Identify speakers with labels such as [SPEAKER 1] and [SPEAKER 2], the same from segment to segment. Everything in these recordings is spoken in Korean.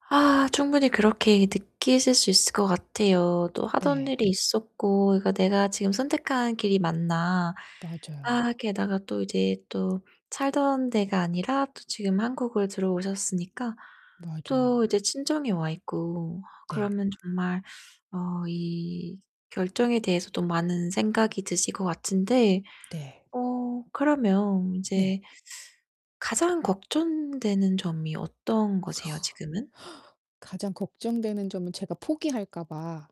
[SPEAKER 1] 아 충분히 그렇게 느끼실 수 있을 것 같아요. 또 하던
[SPEAKER 2] 네.
[SPEAKER 1] 일이 있었고 그러니까 '내가 지금 선택한 길이 맞나?' 아
[SPEAKER 2] 맞아요.
[SPEAKER 1] 게다가 또 이제 또 살던 데가 아니라 또 지금 한국을 들어오셨으니까 또
[SPEAKER 2] 맞아요.
[SPEAKER 1] 이제 친정에 와 있고
[SPEAKER 2] 네.
[SPEAKER 1] 그러면 정말 어 이 결정에 대해서도 많은 생각이 드실 것 같은데
[SPEAKER 2] 네.
[SPEAKER 1] 어 그러면
[SPEAKER 2] 네.
[SPEAKER 1] 인제 가장 걱정되는 점이 어떤 거세요, 지금은?
[SPEAKER 2] 가장 걱정되는 점은 제가 포기할까 봐.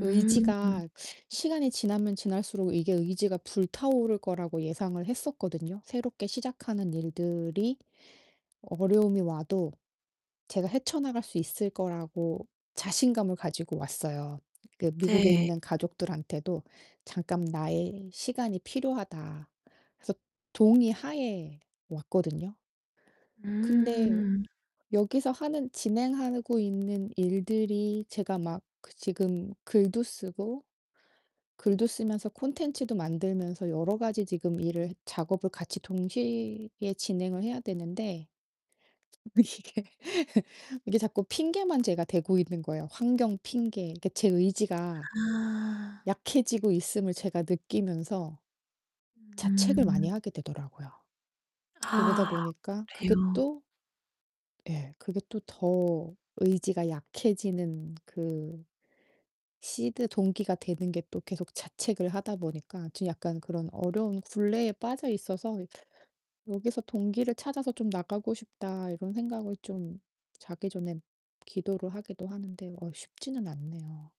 [SPEAKER 1] 음.
[SPEAKER 2] 의지가 시간이 지나면 지날수록 이게 의지가 불타오를 거라고 예상을 했었거든요. 새롭게 시작하는 일들이 어려움이 와도 제가 '헤쳐 나갈 수 있을 거'라고 자신감을 가지고 왔어요. 그 미국에
[SPEAKER 1] 네.
[SPEAKER 2] 있는 가족들한테도 "잠깐 나의 시간이 필요하다." 그래서 동의하에 왔거든요. 근데
[SPEAKER 1] 음.
[SPEAKER 2] 여기서 하는 진행하고 있는 일들이 제가 막 그 지금 글도 쓰고 글도 쓰면서 콘텐츠도 만들면서 여러가지 지금 일을 작업을 같이 동시에 진행을 해야 되는데 이게 이게 자꾸 핑계만 제가 대고 있는 거예요, 환경 핑계. 그러니까 제 의지가
[SPEAKER 1] 아.
[SPEAKER 2] 약해지고 있음을 제가 느끼면서 자책을
[SPEAKER 1] 음.
[SPEAKER 2] 많이 하게 되더라고요. 그러다
[SPEAKER 1] 아
[SPEAKER 2] 보니까 그게
[SPEAKER 1] 그래요?
[SPEAKER 2] 또 예. 그게 또 더 의지가 약해지는 그 seed 동기가 되는 게 또 계속 자책을 하다 보니까 좀 약간 그런 어려운 굴레에 빠져 있어서 '여기서 동기를 찾아서 좀 나가고 싶다.' 이런 생각을 좀 자기 전에 기도를 하기도 하는데 어 쉽지는 않네요.